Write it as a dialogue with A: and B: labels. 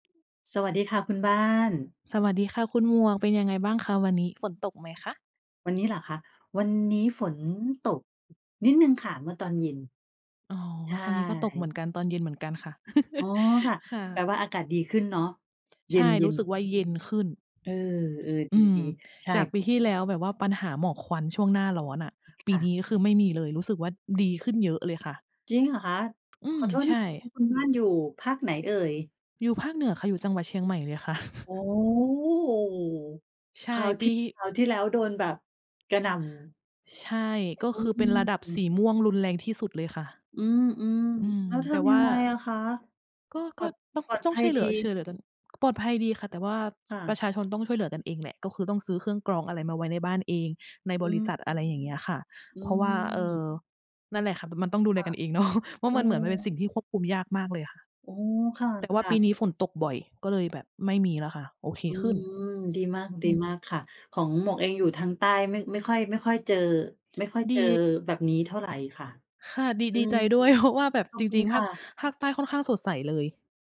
A: สวัสดีค่ะคุณบ้าน
B: สวัสดีค่ะคุณหมวก เป็นยังไงบ้างคะวันนี้? ฝนตกไหมคะ?
A: วันนี้เหรอคะ? วันนี้ฝนตก นิดหนึ่งค่ะเมื่อตอนเย็น
B: อ๋อ
A: ใช่
B: ทางนี้ก็ตกเหมือนกัน ตอนเย็นเหมือนกันค่ะ
A: อ๋อ ค่ะ
B: ค่
A: แปล
B: ะ
A: ว่าอากาศดีขึ้นเนาะ เย
B: ใช่ ร
A: ็
B: ู
A: น
B: ้สึก
A: ๆ
B: ว่าเย็นขึ้น
A: เออ ๆ
B: อืม
A: ดี ๆ ใช่
B: จากปีที่แล้วแบบว่าปัญหาหมอกควันช่วงหน้าร้อนอะ ป
A: ค
B: ี
A: ่ะ
B: นี้คือไม่มีเลย รู้สึกว่าดีขึ้นเยอะเลยค่ะ
A: จริงเหรอคะ?
B: อื
A: ข
B: ม
A: อโทษ
B: ใช
A: ค
B: ่
A: ุณ คุณบ้านอยู่ภาคไหนเอ่ย?
B: อยู่ภาคเหนือค่ะ อยู่จังหวัดเชียงใหม่เลยค่ะ
A: อ๋อ โอ้โฮ
B: ใช่
A: คราว
B: ป
A: ท
B: ี
A: ี่ คราวที่แล้วโดนแบบกระหน่ำ
B: ใช่ ก็
A: อ
B: ค
A: ื
B: ือเป็นระดับส
A: ม
B: ีม่วงรุนแรงที่สุดเลยค่ะ
A: อืม
B: อืม
A: ๆ แล้วท
B: แต่ว
A: ำย
B: ่
A: ั
B: า
A: งไงอะคะ?
B: ก็
A: ปล
B: ก
A: อ
B: ็
A: ด
B: ต้อง
A: ปลอด
B: ต้
A: ภ
B: อง
A: ั
B: ช
A: ย
B: ่วยเห
A: ด
B: ลื
A: ี
B: อ ช่วยเหลือกัน ปลอดภัยดีค่ะ แต่ว่า
A: ค่
B: ป
A: ะ
B: ระชาชนต้องช่วยเหลือกันเองแหละ ก็คือต้องซื้อเครื่องกรองอะไรมาไว้ในบ้านเอง ใน
A: อ
B: บ
A: ื
B: ริษ
A: อ
B: ัท อะไรอย่างเงี้ยค่ะ
A: อื
B: เพราะว่า เอ่
A: ม
B: อ นั่นแหละค่ะ มันต้องดูแ
A: ค
B: ล
A: ่ะ
B: กันเอง เนาะ เพรา
A: เ
B: ะ
A: อ
B: มันเหมือนมันเป็นส
A: อ
B: ิ่งที่ควบคุมยากมากเลยค่ะ
A: อ๋อ ค
B: แต่ว่า
A: ่ะ
B: ปี
A: ๆ
B: นี้ฝนตกบ่อยก็เลยแบบไม่มีแล้วค่ะ โอเค
A: อื
B: ขึ้น
A: ม ดีมาก ด
B: อ
A: ี
B: ืม
A: มากค่ะ ของหมวกเองอยู่ทางใต้ ไม่ ไม่ค่อย ไม่ค่อยเจอ ไม่ค่อย
B: ด
A: เจอ
B: ี
A: แบบนี้เท่าไรค่ะ
B: ค่ะ ดี
A: อื
B: ดีใ
A: ม
B: จด้วย เพราะว่าแบบ
A: ขอ
B: จ
A: บคุ
B: ร
A: ณ
B: ิง ๆ
A: ค
B: ภา
A: ่
B: ค
A: ะ
B: ภาคใต้ค่อนข้างสดใสเลย